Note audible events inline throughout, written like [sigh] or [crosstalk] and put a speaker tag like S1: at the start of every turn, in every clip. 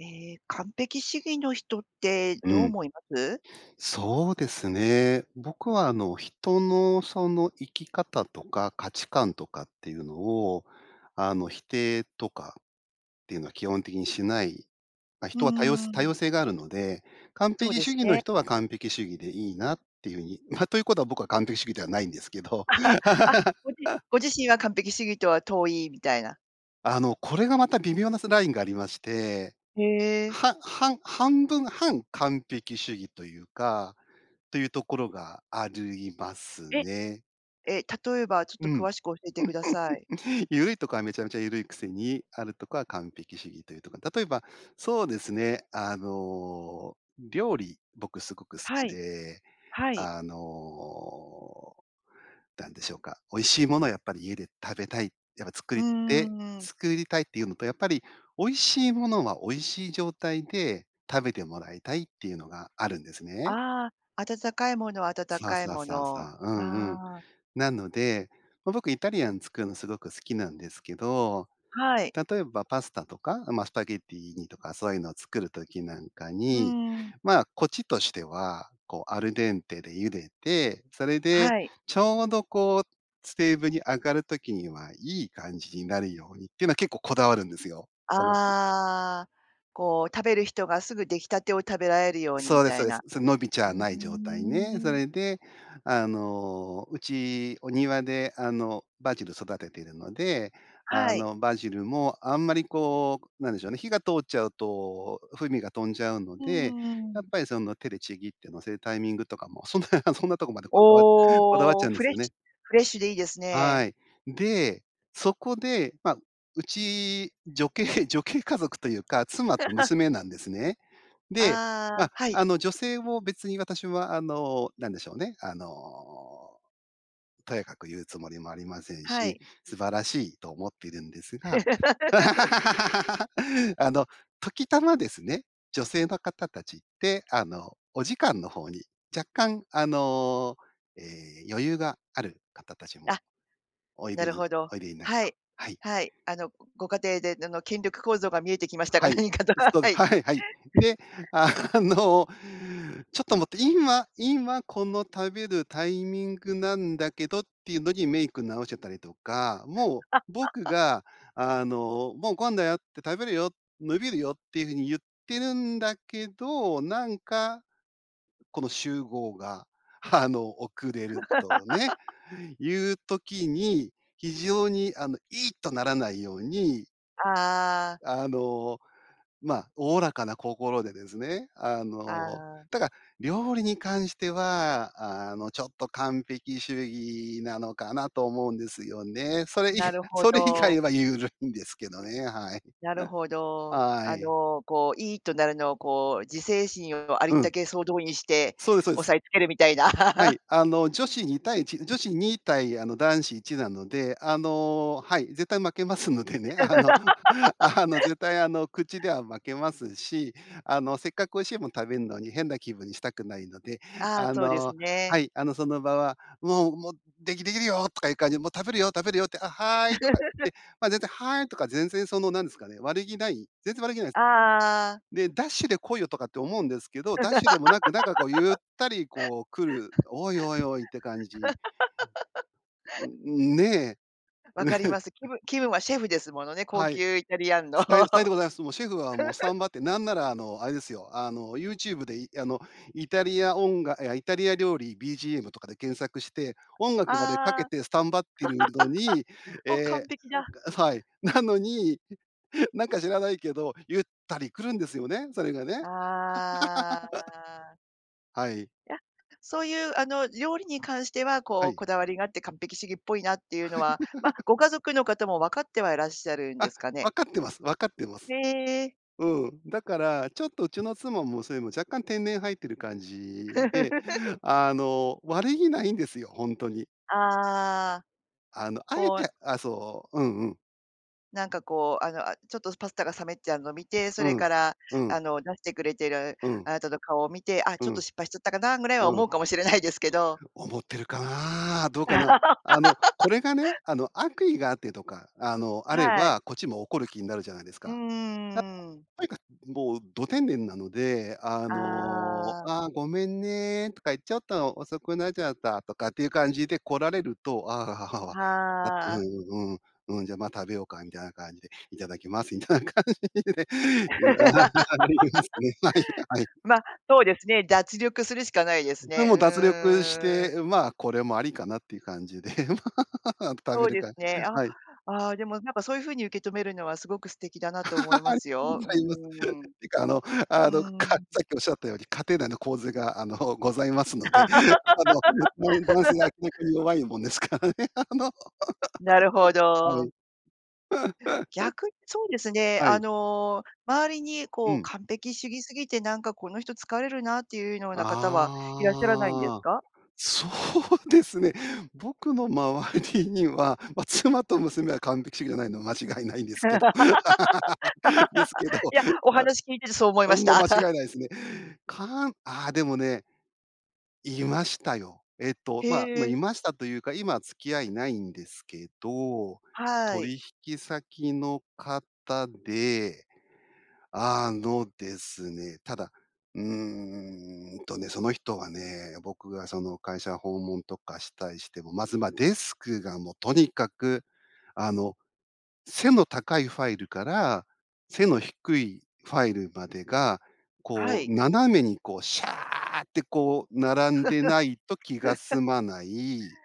S1: ええ、完璧主義の人って
S2: う
S1: どう
S2: ん。
S1: 思います？
S2: そうですね。僕は、あの、人の、その、生き方とか、価値観とかっていうのを、あの、否定とかっていうのは、基本的にしないまあ、
S1: う
S2: 人は多様
S1: んうん
S2: 多
S1: うん。
S2: 様性があるので、完
S1: そう
S2: 璧
S1: で
S2: 主
S1: す
S2: 義の
S1: ね。
S2: 人は、完璧主義でいいなっていう風に、まあ、ということは、僕は完璧主義ではないんですけど。
S1: [chuckles] あ、ごじ
S2: [laughs]
S1: ご自身は完璧主義とは遠いみたいな。
S2: あの、これが、また微妙な、そ、ラインがありまして、
S1: へえ。
S2: ははん半分半、完璧主義というか、ていうところがあるいます
S1: え。
S2: ね。
S1: え、例えば、ちょっ
S2: う
S1: と
S2: ん。
S1: 詳しく教えてください。
S2: [chuckles] 緩いとこはめちゃめちゃ緩いくせに、あるとこは完璧主義というとか。例えば、そうですね。あの、料理僕、凄く好
S1: は
S2: き
S1: い
S2: で、
S1: はい。
S2: あの、なんでしょうか、美味しいものはやっぱり家で食べたい、やっぱ作っ
S1: う
S2: て
S1: ん。
S2: 作りたいっていうのと、やっぱり美味しいものは美味しい状態で食べてもらいたいっていうのがあるんですね。
S1: ああ、温かいものは温
S2: そう
S1: かい
S2: そう
S1: も
S2: そうそ
S1: の、
S2: う、うんうん。
S1: ああ。
S2: なので、まあ、僕イタリアン作るのすごく好きなんですけど、
S1: はい。
S2: 例えばパスタとか、まあ、スパゲッティとか、そういうのを作る時なんか
S1: う
S2: に、
S1: ん。
S2: まあ、こっちとしては、こう、アルデンテで茹でて、それで
S1: はい。
S2: ちょうど、こう、テーブルに上がる時には、いい感じになるようにっていうのは結構こだわるんですよ、その。
S1: ああ、こう、食べる人がすぐ出来たてを食べられるように
S2: そ
S1: み
S2: うです、
S1: た
S2: そ
S1: い
S2: うです。
S1: な。
S2: そ、伸びちゃ
S1: ふ
S2: わ
S1: ー
S2: ない状態ね。そ
S1: ん。
S2: れで、あの、うち、お庭で、あの、バジル育てているので、あ
S1: はい。
S2: の、バジルもあんまり、こう、なんでしょうね、火が通っちゃうと、風味が飛んじゃうの
S1: う
S2: で、やっ
S1: ん。
S2: ぱり、その、手でちぎって乗せるタイミングとかも、そんなそんなとこまでこだわこだわっち
S1: お、
S2: ゃうんで
S1: フ
S2: す
S1: レッ
S2: よ
S1: シ
S2: ね。
S1: ュフレッシュでいいです
S2: は
S1: ね。
S2: い。で、そこで、まあ、うち、女系女系家族というか、妻と
S1: [laughs]
S2: 娘なんですね。
S1: あ
S2: で、まあ、
S1: あ、はい。
S2: あの、女性を別に私は、あの、なんでしょうね、あの、とやかく言うつもりもありません
S1: は
S2: し、
S1: い。
S2: 素晴らしいと思っているんですが。
S1: [laughs]
S2: [laughs] あの、時たまですね。女性の方たちって、あの、お時間の方に若干、あの、え、余裕がある方達も
S1: あ、
S2: おい
S1: な
S2: で
S1: る
S2: に
S1: ほど、
S2: おいでになる
S1: は
S2: と。
S1: い、
S2: はい。
S1: はい、あの、ごご家庭で、での権力構造が見えてきましたが、
S2: はい、
S1: 何かと、
S2: そう
S1: は
S2: で、
S1: い。
S2: はいはい。
S1: [chuckles]
S2: で、あの、ちょっと待って、今今この食べるタイミングなんだけどっていうのに、メイク直してたりとか、もう、僕
S1: [laughs]
S2: が、あの、「もうご飯だよ」て、「食べるよ」「伸びるよ」ていう風に言ってるんだけど、なんか、この集合が、あの、遅れるとね、
S1: [laughs]
S2: いう時に非常に、あの、「いいっ」とならないように。
S1: ああ。
S2: あの、ま、おおらかな心でですね、あ
S1: あ
S2: の、
S1: あ。
S2: ただ、料理に関しては、あの、ちょっと完璧主義なのかなと思うんですよね。それい
S1: なるほ
S2: それ以
S1: ど。
S2: 外はゆるいんですけどね、はい。
S1: なるほ
S2: [laughs]
S1: ど。
S2: は
S1: あ
S2: い。
S1: の、こう「イー！」っとなるのをこう、自制心をありっ
S2: う
S1: た
S2: ん。
S1: け総動員して
S2: そうですそうで
S1: 押
S2: す。
S1: さえつけるみたいな。
S2: はい、
S1: [laughs]
S2: あの、女子2対1、女子2対、あの、男子1なので、あの、はい、絶対負けますのでね、あの [chuckles] あの、
S1: [laughs]
S2: 絶対あの、口では負けますし、あの、せっかく美味しいもの食べんのに変な気分にしたくないので、
S1: ああ、
S2: あ
S1: そうです
S2: のは
S1: ね。
S2: い、あの、その場は、「もう、も、できできるよ」とかいう感じで、「もう食べるよ！食べるよ！」って、「あ、はーい」とか
S1: [laughs]
S2: 言って、ま、絶対「はーい」とか、全然その、なんですかね、悪気ない全然悪気ないす。
S1: ああ。
S2: で、「ダッシュで来いよ」とかって思うんですけど、ダッシュでもなくなんかこうゆったりこう来る、「おい！おい！おい！」って感じ。
S1: [laughs]
S2: んん、ね。
S1: 分かり
S2: [chuckles]
S1: ます。気ぶ気分はシェフですものね、高
S2: はい。
S1: 級イタリアンの。
S2: ささよさよでございます。もうシェフはもうスタ
S1: [laughs]
S2: ンバって、なんなら、あの、あれですよ、あの、YouTube で、いあの、イタリアおんがいや、「イタリア料理 BGM」とかで検索して、音
S1: ああ、
S2: 楽までかけ
S1: [laughs]
S2: てスタンバってるのに、え
S1: お、
S2: え、
S1: 完璧だ。
S2: なんかはい、なのに [chuckles] なんか知らないけど、ゆったり来るんですよね、それがね。
S1: あ
S2: [laughs]
S1: あ。
S2: はい。
S1: いや、そういうあの料理に関しては、こ
S2: は
S1: う
S2: い。
S1: こだわりがあって完璧主義っぽいなっていうのは、ま、
S2: [laughs]
S1: ご家族の方も分かってはいらっしゃるんで
S2: あ、
S1: すかね。
S2: わかってますわかってます。
S1: へえ。
S2: うん、だから、ちょっとうちの妻もそれもう、若干天然入ってる感じで、
S1: [laughs]
S2: あの、悪気ないんですよ、ほんとに。
S1: ああ、
S2: あの、敢え
S1: こ
S2: て
S1: う
S2: あ、そう、うんうん。
S1: なんかこう、あの、あちょっとパスタが冷めちゃうの見て、そ
S2: う
S1: れか
S2: ん、
S1: ら
S2: うん。
S1: あの出してくれてる
S2: うん。
S1: あなたの顔を見て、あ、
S2: う
S1: ちょっと
S2: ん、
S1: 失敗しちゃったかなぐらいは
S2: うん。
S1: 思うかもしれないですけ
S2: [unintelligible] い
S1: ど。
S2: う思ってるかな、どうかな。あの、
S1: [laughs]
S2: これがね、あの、悪意があってとか、あの、あれ
S1: はい。
S2: ば、こっちも怒る気になるじゃないです
S1: う
S2: か？
S1: んう
S2: なか
S1: んうん。
S2: とにかく、もうど天然なので、あの
S1: ああ。
S2: あ、ごめんねとか、ちょっと遅くなちゃたとかっていう感じで来られると、ああ。「わか
S1: は
S2: う
S1: あ。
S2: んうん。うん、じゃ、ま、食べようか」みたいな感じで「いただきます」みたいな感じで。あ、みえ-
S1: [laughs]
S2: みえま、ま、いいや、はい。
S1: ま、そうですね、脱力するしかないで
S2: そ
S1: す
S2: れで、
S1: ね。
S2: も
S1: う
S2: う脱力し
S1: ーん。うんうん。
S2: て、ま、これもありかなっていう感じで、[laughs] ま、食べ
S1: そう
S2: る
S1: です
S2: か
S1: ね。あ、
S2: はい。
S1: ああ、でもなんかそういう風に受け止めるのは、すごく素敵だなと思いま
S2: [laughs]
S1: す
S2: ご
S1: よ。う
S2: ざいます、
S1: ーん、
S2: てか、あのあ
S1: う
S2: の、かっ
S1: ん。
S2: さっきおっしゃったように、家庭内の構図が、あの、ございますので、あの、だん男性が
S1: [laughs]
S2: 逆に弱いもんですからね。あの、
S1: なるほ
S2: はい。
S1: ど。
S2: [laughs]
S1: 逆に、そうですね、
S2: は
S1: あ
S2: い。
S1: の、周りに
S2: う
S1: こう
S2: ん。
S1: 完璧主義すぎて、なんかこの人疲れるなっていうような方は、いらっしゃらないんです
S2: ああ、
S1: か？
S2: そうですね。僕の周りには、ま、妻と娘は完璧主義じゃないのは間違いないんですけどですけ
S1: [laughs]
S2: ど
S1: や、お話聞いててそう思い
S2: あ、
S1: ま
S2: う
S1: し
S2: ん、も
S1: た。
S2: 間違いな
S1: [laughs]
S2: いですね。かんあ、でもねいましたよ。えっと、
S1: へ
S2: まま、
S1: え。
S2: いましたというか、今付き合いないんですけど、
S1: はい。
S2: 取引先の方で、あのですね、ただ、うーんとね、その人はね、僕がその会社訪問とかしたりしても、まず、ま、デスクがもとにかく、あの、背の高いファイルから、背の低いファイルまでが、
S1: は
S2: こ
S1: い。
S2: う斜めに、こう、シャーってこう並んでないと気が
S1: [laughs]
S2: 済まない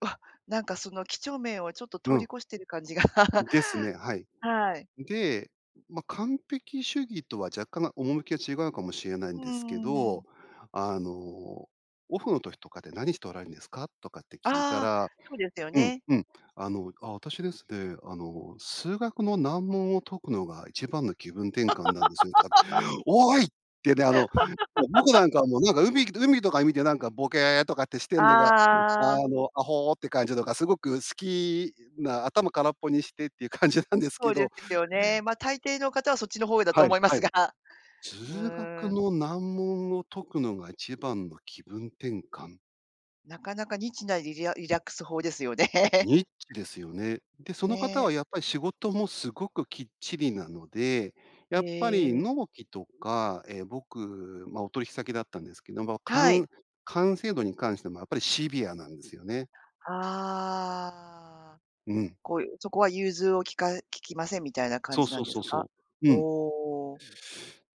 S1: わ、なんかその、几帳面をちょっと
S2: う
S1: 通り
S2: ん。
S1: 越してる感じが、[laughs]
S2: ですね、はい。
S1: はい。
S2: で、ま、完璧主義とは若干、ま、趣きが違うかもしれない
S1: う
S2: ん
S1: ー
S2: ですけ
S1: ん、う
S2: ど、
S1: ん。
S2: あの「オフの時とかで、何しておられるんですか？」とかって聞いた
S1: ああ、
S2: ら
S1: そうですよ
S2: うん
S1: ね。
S2: うん「あの、あ、私ですね、あの、数学の難問を解くのが一番の気分転換なんですよ」とか
S1: [laughs]
S2: 「おい」ってね、あの、僕
S1: [laughs]
S2: なんか、もうなんか海海とか見てなんかボケッとかってしてんのが、
S1: ああ。
S2: あの、あほって感じとか、すごく好きな、頭空っぽにしてっていう感じなんです
S1: そ
S2: け
S1: うで
S2: ど
S1: すよね。ま、大抵の方はそっちの方だと
S2: は
S1: 思
S2: い、
S1: いま
S2: は
S1: す
S2: い。
S1: が、う
S2: 数学
S1: ーん。
S2: の難問を解くのが一番の気分転換。
S1: なかなかニッチなりりゃリラックス法ですよね。[laughs]
S2: ニッチですよね。で、その方
S1: ね。
S2: はやっぱり仕事もすごくきっちりなので、や
S1: へ
S2: っぱり
S1: え。
S2: 納期とか、ええ、僕、ま、お取引先だったんですけど、ま、か
S1: はい。
S2: ん完成度に関してもやっぱりシビアなんですよね。
S1: ああ。
S2: うん。
S1: こういうそこは融通を利か利きませんみたいな感
S2: そう
S1: じな
S2: そ
S1: ん
S2: う
S1: です
S2: そう
S1: か？
S2: そう。うん。
S1: おお。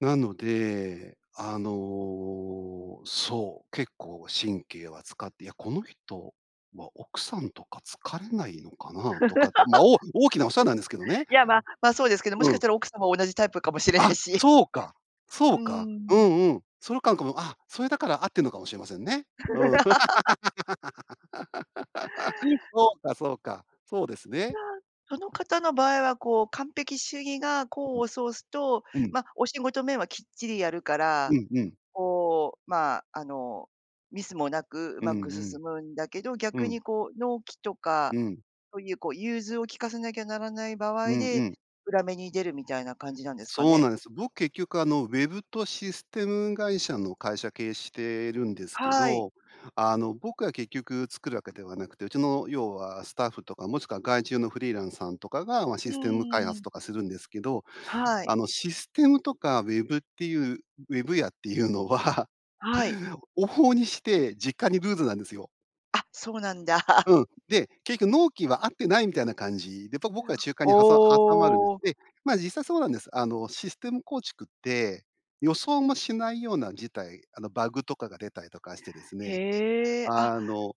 S2: なので、あの、そう、結構神経は使って、いや、この人は奥さんとか疲れないのかなとかって、ま、
S1: [laughs]
S2: おお大きなお世話なんですけどね！
S1: いや、ま、まあそうですけど、もし
S2: う
S1: かし
S2: ん。
S1: たら奥様も同じタイプかもしれな
S2: あ、
S1: いし。
S2: そうか。そ
S1: う
S2: う
S1: ー
S2: か。う
S1: ん。
S2: んうん。そゆかんかも、あ、それだから合ってるのかもしれませんね。うん。
S1: [laughs]
S2: [laughs] そうか、そうか。そうです
S1: じ
S2: ね。
S1: ゃあ、その方の場合はこう、完璧主義が功
S2: ん、ん、
S1: を奏すと、
S2: うん。
S1: ま、お仕事面はきっちりやるか
S2: う
S1: ら、
S2: ん、うん。
S1: こう、ま、あの、ミスもなくう
S2: うん
S1: まく進むんだけど、
S2: うん、う
S1: 逆
S2: ん。
S1: にこう納期と
S2: う
S1: か、
S2: ん。
S1: そういうこう融通を利かさなきゃならない場
S2: う
S1: 合
S2: んう
S1: で、
S2: ん。
S1: 裏目に出るみたいな感じなんですか
S2: そう
S1: ね？
S2: なんです。僕、結局あの、ウェブとシステム会社の会社経営してるんですけ
S1: はい。
S2: ど、あの、僕は結局作るわけではなくて、うちの、要はスタッフとか、もしくは外注のフリーランスさんとかが、ま、
S1: う
S2: システム開
S1: んう
S2: 発
S1: ん。
S2: とかするんですけど、
S1: はい。
S2: あの、システムとかウェブっていう、ウェブ屋っていうのは、
S1: はい。
S2: 往々にして、実家にルーズなんですよ。
S1: あ、そうなんだ。[chuckles]
S2: うん、で、結きょ納期はあってないみたいな感じで、やっぱ
S1: いや、
S2: 僕は中間にはさ挟まるんで
S1: お
S2: す。
S1: お。
S2: ええ、ま、実際そうなんです。あの、システム構築って予想もしないような事態、あの、バグとかが出たりとかしてですね、
S1: へえ、あ、
S2: あの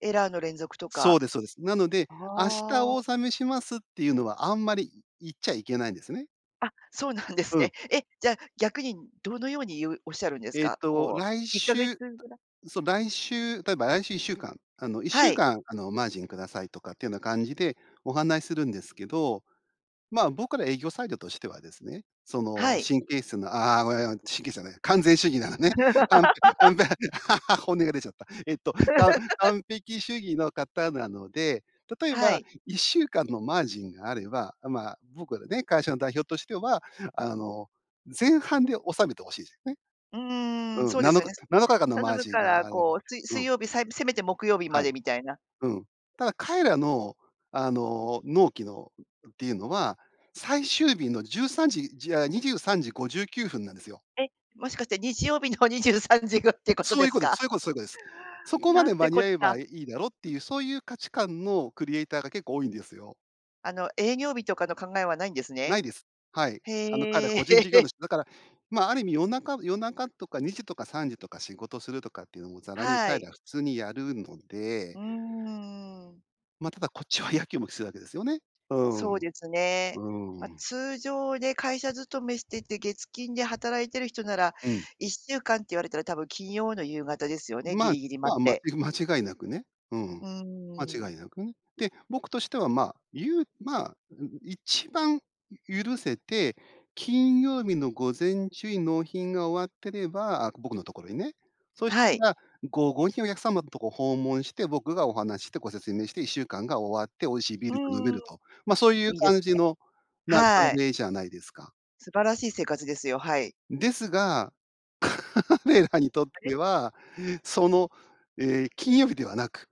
S1: エラーの連続と
S2: そう
S1: か。
S2: ですそうです。なので、
S1: あ
S2: 「明日お
S1: あ。
S2: 納めします」っていうのはあんまり、い言っちゃいけないんですね。
S1: あ、そうなんです
S2: う
S1: ね。
S2: ん。
S1: え、じゃあ逆にどのように言うおっしゃるんです
S2: えっ
S1: か？
S2: と、
S1: こ
S2: 来
S1: う、1か月
S2: 週、
S1: ぐら
S2: そう、来週例えば、来週1週間、あの、いっし
S1: は
S2: ゅう
S1: い。
S2: かん、あの、マージンくださいとかっていうような感じでお話するんですけど、まあ、僕ら営業サイドとしてはですね、そ
S1: は
S2: の、
S1: い。
S2: 神経質なああ、ごよよん、神経質じゃない、完全主義なのね、かんか
S1: [laughs]
S2: んぺ [laughs] 本音が出ちゃった。えっと、かん
S1: [laughs]
S2: 完璧主義の方なので、例え
S1: は
S2: ば
S1: い。
S2: 1週間のマージンがあれば、あ、まあ、僕はね、会社の代表としては、あの、前半で納めて欲しいすよね。
S1: うーん、
S2: う
S1: そ
S2: ん、
S1: うで
S2: な
S1: す
S2: の
S1: よ
S2: か、
S1: ね。
S2: 7日間のマ
S1: 頼
S2: ー
S1: む
S2: ジン
S1: から
S2: があれで
S1: こう、水
S2: う
S1: 水
S2: ん。
S1: 曜日、さいぶせめて木曜日ま
S2: はい。
S1: でみたいな。
S2: うん。ただ彼らの、あの、納期のっていうのは、最終日の13時、じああ、23時59分なんですよ。
S1: え、もしかして日曜日の23時ご、ってこと
S2: そう
S1: で
S2: いう
S1: す
S2: ことです。
S1: か？
S2: そういうことそういうことです。そこま
S1: な
S2: で
S1: んて
S2: 間
S1: こ
S2: に
S1: っ
S2: 合え
S1: た。
S2: ばいいいだろっていう、そういう価値観のクリエイターが結構多いんですよ。
S1: あの営業日とかの考えはないんです
S2: な
S1: ね。
S2: いです。はい。あの、彼、
S1: へ
S2: 個
S1: え。
S2: 人事業
S1: [laughs]
S2: 主。だから、まあ、ある意味夜中夜中とか2時とか3時とか仕事するとかっていうのもざらに
S1: は
S2: 彼
S1: い。
S2: らは普通にやるので
S1: うーん。
S2: ま、ただこっちはやきもきするわけですよね。うー
S1: そ
S2: ん。
S1: うですね。
S2: う
S1: ま、
S2: ーん。
S1: 通常で会社勤めしてて月金で働いている人なら
S2: うん。
S1: 1週間って言われたら多分金曜の夕方ですよね、ぎ
S2: まあ
S1: りぎり
S2: ま
S1: 待
S2: あ、
S1: って。
S2: まち間違いなくね、うん、
S1: うーん。
S2: 間違いなくね。で、僕としては、まあ、ゆうまあ、んん、一番ゆ許せて、金曜日の午前中に納品が終わってればあ、僕のところにね、そし
S1: はい。
S2: たら、午後にお客様のとこ訪問して、僕がお話ししてご説明して、1週間が終わって、美味しいビー
S1: う
S2: ルが飲め
S1: ーん。
S2: ると、ま、そうい
S1: い
S2: う
S1: いですね。
S2: 感じの、ま、
S1: はい。
S2: [unintelligible] じゃないですか。
S1: 素晴らしい生活ですよ、はい。
S2: ですが、彼らにとっ
S1: あれ？
S2: ては、その、ええ、金曜日ではなく、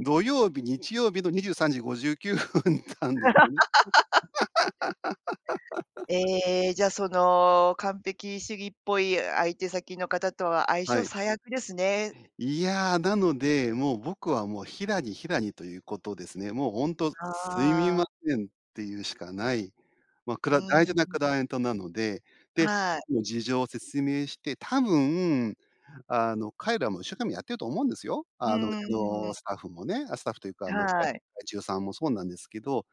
S2: 土曜日、日曜日の23時59分なんですよね。
S1: [laughs]
S2: [laughs]
S1: ええ、じゃその完璧主義っぽい相手先の方とは相
S2: は
S1: 性
S2: い。
S1: 最悪ですね。
S2: いやあ、なので、もう、僕はもう、平に平にということですね。もうほんと「すみ
S1: あ
S2: ま
S1: あ。
S2: せん」っていうしかない。ま、く
S1: う
S2: ら大
S1: ー
S2: 事な
S1: ん。
S2: クライエントなので、で、
S1: はい。
S2: もう、事情を説明して、多分、あの、彼らも一生懸命やってると思うんですよ、
S1: ふー
S2: あの、うちの
S1: ん。
S2: スタッフもね、あ、スタッフというか、あの、がい
S1: はい。
S2: 外注さんもそうなんですけど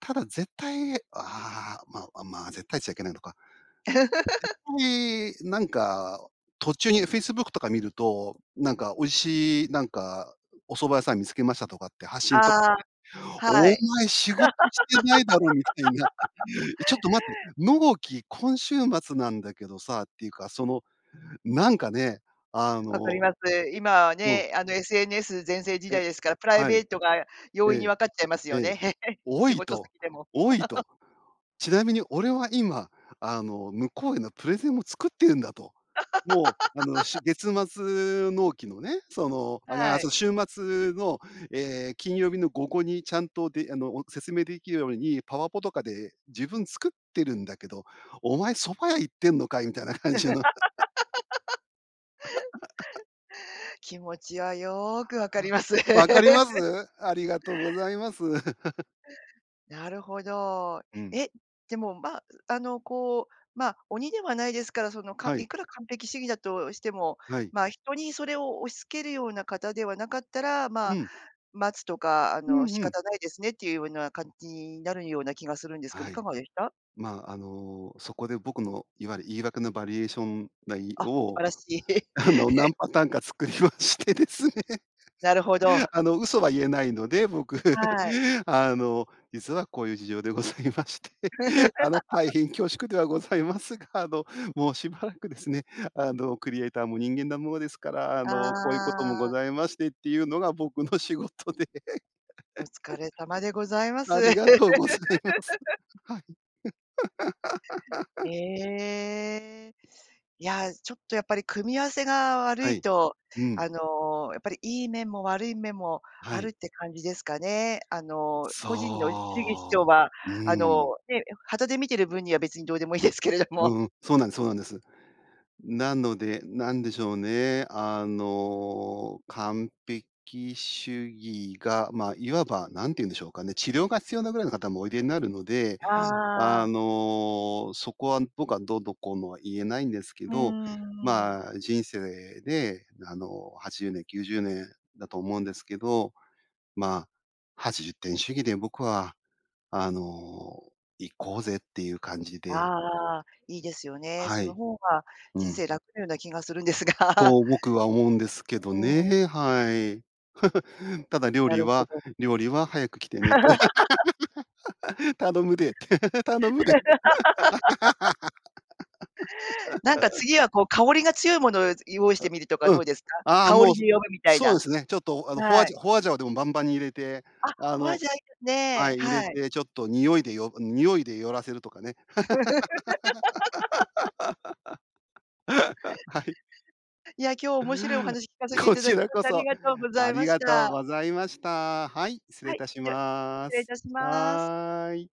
S2: ただ、絶対ああ、ま、あ、まあ、絶対っちゃいけないのか絶
S1: [laughs]
S2: 対、なんか途中に Facebook とか見ると、なんか美味しい、なんか、お蕎麦屋さん見つけましたとかって発信と、
S1: ああ、
S2: [unintelligible]
S1: は
S2: 「お
S1: い。
S2: 前！仕事してないだろ！」みたいになって。
S1: [laughs]
S2: [laughs]「いちょっと待て。納期今週末なんだけどさ」っていうか、その、なんかね、あ
S1: わかり
S2: の、
S1: ます。今
S2: [unintelligible]
S1: は
S2: うん。
S1: ね、あの SNS 全盛時代
S2: え
S1: ですから、プライ
S2: は
S1: ベ
S2: い。
S1: ートが容
S2: え
S1: 易に
S2: え。
S1: 分かっちゃいます
S2: え
S1: よ
S2: え。
S1: ね。[laughs]
S2: 「お
S1: 仕
S2: い！」
S1: 事
S2: と。
S1: 先でも。
S2: 「おい！」と。
S1: [laughs]
S2: ちなみに俺は今、あの、向こうへのプレゼンも作ってるんだと。もう、あの、し
S1: [laughs]
S2: 月末納期のね、その、あがあ、
S1: は
S2: そう、
S1: い。
S2: 週末の、ええ、金曜日の午後にちゃんとであの、お説明できるように、パワポとかで自分作ってるんだけど、「お前、蕎麦屋行ってんのかい！」みたいな感じの [laughs]
S1: [laughs]
S2: [laughs]
S1: 気持ちはよく分かります。
S2: 分かりま
S1: [laughs]
S2: す？ありがとうございます。[chuckles]
S1: なるほど。
S2: うん。
S1: え、でもまあ、あの、こう、ま、鬼ではないですから、そのか
S2: は
S1: い
S2: い。
S1: くら完璧主義だとしても、
S2: はい。
S1: まあ、人にそれを押し付けるようなかたではなかったら、ま
S2: う
S1: あ、
S2: ん。
S1: 待つとか、あ
S2: う
S1: の、
S2: ん
S1: 仕
S2: うん。
S1: 方ないですねっていうような感じになるような気がするんですけど、い
S2: は
S1: か
S2: い。
S1: がでした？
S2: まあ、あの、そこで僕のいわゆる言い訳のバリエーション内
S1: あ、素
S2: を、
S1: 晴らしい。
S2: あの、
S1: [laughs]
S2: 何パターンか作りましてですね。
S1: なるほど。
S2: あの、嘘は言えないので、僕、
S1: はい。
S2: 「あの、実はこういう事情でございまして、あの、大
S1: [laughs]
S2: 変恐縮ではございますが、あの、もうしばらくですね、あの、クリエイターも人間なものですから、あ
S1: あ
S2: の、こういうこともご
S1: あ。
S2: ざいまして」っていうのが僕の仕事で。
S1: お疲
S2: [laughs]
S1: れ様でございます。
S2: ありがとうございます。
S1: [laughs]
S2: はい。[laughs]
S1: ええ、いや、ちょっとやっぱり組み合わせが悪
S2: は
S1: い
S2: い。
S1: と、
S2: うん。
S1: あの、やっぱりいい面も悪い面も
S2: は
S1: ある
S2: い。
S1: って感じですかね、あの、個人の主義主張
S2: そ
S1: は、
S2: う。う
S1: あ
S2: ん。
S1: の、ね、いや、傍で見てる分には別にどうでもいいですけれど
S2: う
S1: も。
S2: んうん、そうなんですそうなんです。なので、何でしょうね。あの、完璧主義が、ま、いわば何て言うんでしょうかね、治療が必要なぐらいのかたもおいでになるので、
S1: あ
S2: あ
S1: あ。
S2: の、そこは僕はどうのこうのは言えないんですけ
S1: うー
S2: ど、
S1: ん。
S2: ま、人生であの、80年、90年だと思うんですけど、まあ、80点主義で僕はあの、行こうぜっていう感じ
S1: あ
S2: で
S1: あああ、いいですよね。
S2: は
S1: その
S2: い。
S1: ほうが
S2: う
S1: 人
S2: ん。
S1: 生楽なような気がするんですが。
S2: と僕は思うんですけど
S1: うーん。
S2: ね、はい。[chuckles] ただ料
S1: な
S2: 理
S1: るほ
S2: は
S1: ど。
S2: 料理は早く来てねって。
S1: [laughs]
S2: 頼むでって、頼むで。
S1: [laughs] なんか
S2: [laughs]
S1: 次はこう、香りが強いものをい用意し
S2: あ、
S1: てみるとか
S2: う
S1: ど
S2: ん。
S1: うですか？
S2: ああ、
S1: 香
S2: も
S1: り
S2: うそ
S1: で呼ぶみたい
S2: そう
S1: な。
S2: ですね、ちょっとあのホ
S1: は
S2: アジ
S1: い。
S2: ャホアジャオでもバンバンに入れて、
S1: あ、
S2: あ
S1: ホア
S2: の
S1: ジャオ、いいです
S2: は
S1: ね、
S2: い、入れ
S1: はい。
S2: て、ちょっと匂いでよぐ匂いで寄らせるとかね。
S1: [laughs]
S2: [laughs] はい。
S1: いや、今日面白いお話聞かせてい
S2: こ
S1: ただ
S2: ち
S1: き
S2: ら
S1: まし
S2: こ
S1: て、あり
S2: そ、
S1: がとうござ
S2: あ
S1: いま
S2: り
S1: し
S2: がとう
S1: た。
S2: ございました。はい、失礼
S1: は
S2: い
S1: い、
S2: たし
S1: じゃ、失
S2: ま
S1: 礼い
S2: す。
S1: たします。
S2: はい。